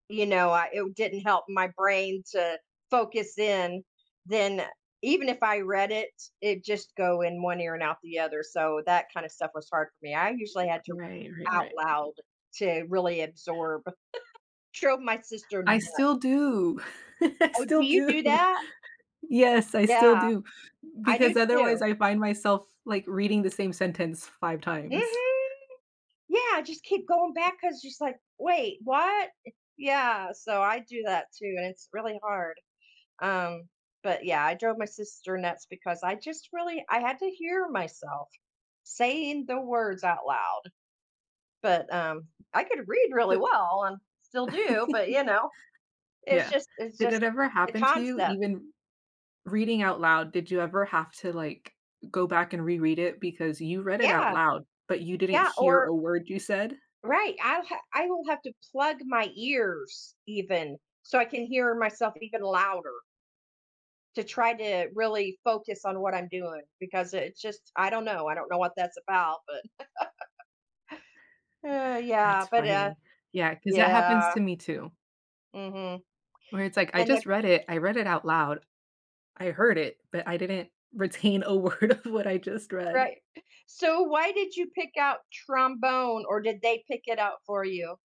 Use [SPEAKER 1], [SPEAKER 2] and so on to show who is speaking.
[SPEAKER 1] You know, I it didn't help my brain to focus in. Then even if I read it, it'd just go in 1 ear and out the other, so that kind of stuff was hard for me. I usually had to
[SPEAKER 2] Right, right,
[SPEAKER 1] out
[SPEAKER 2] right.
[SPEAKER 1] loud to really absorb. Drove my sister
[SPEAKER 2] I
[SPEAKER 1] nut.
[SPEAKER 2] still do. I
[SPEAKER 1] Oh, do
[SPEAKER 2] still
[SPEAKER 1] you
[SPEAKER 2] do.
[SPEAKER 1] do that?
[SPEAKER 2] Yes, I still
[SPEAKER 1] Yeah.
[SPEAKER 2] do,
[SPEAKER 1] I do
[SPEAKER 2] because otherwise
[SPEAKER 1] too.
[SPEAKER 2] I find myself, like, reading the same sentence 5 times.
[SPEAKER 1] Mhm. Yeah, I just keep going back 'cause she's like, "Wait, what?" Yeah, so I do that too, and it's really hard. Um, but yeah, I drove my sister nuts because I just really I had to hear myself saying the words out loud. But um I could read really
[SPEAKER 2] Th
[SPEAKER 1] well and still do, but, you know, it's
[SPEAKER 2] Yeah,
[SPEAKER 1] just it's
[SPEAKER 2] did
[SPEAKER 1] just
[SPEAKER 2] it ever
[SPEAKER 1] the
[SPEAKER 2] happen to you,
[SPEAKER 1] concept.
[SPEAKER 2] even reading out loud, did you ever have to, like, go back and reread it, because you read it out
[SPEAKER 1] Yeah.
[SPEAKER 2] loud, but you didn't
[SPEAKER 1] Yeah,
[SPEAKER 2] hear
[SPEAKER 1] or
[SPEAKER 2] a word you said?
[SPEAKER 1] Right, I'll ha I will have to plug my ears even, so I can hear myself even louder to try to really focus on what I'm doing, because it's just I don't know, I don't know what that's about, but uh, yeah,
[SPEAKER 2] That's
[SPEAKER 1] but uh
[SPEAKER 2] funny. Yeah, 'cause that happens
[SPEAKER 1] yeah.
[SPEAKER 2] to me too
[SPEAKER 1] Mhm.
[SPEAKER 2] where it's like, I
[SPEAKER 1] And the
[SPEAKER 2] just read it, I read it out loud, I heard it, but I didn't retain a word of what I just read.
[SPEAKER 1] Right. So why did you pick out trombone or did they pick it out for you?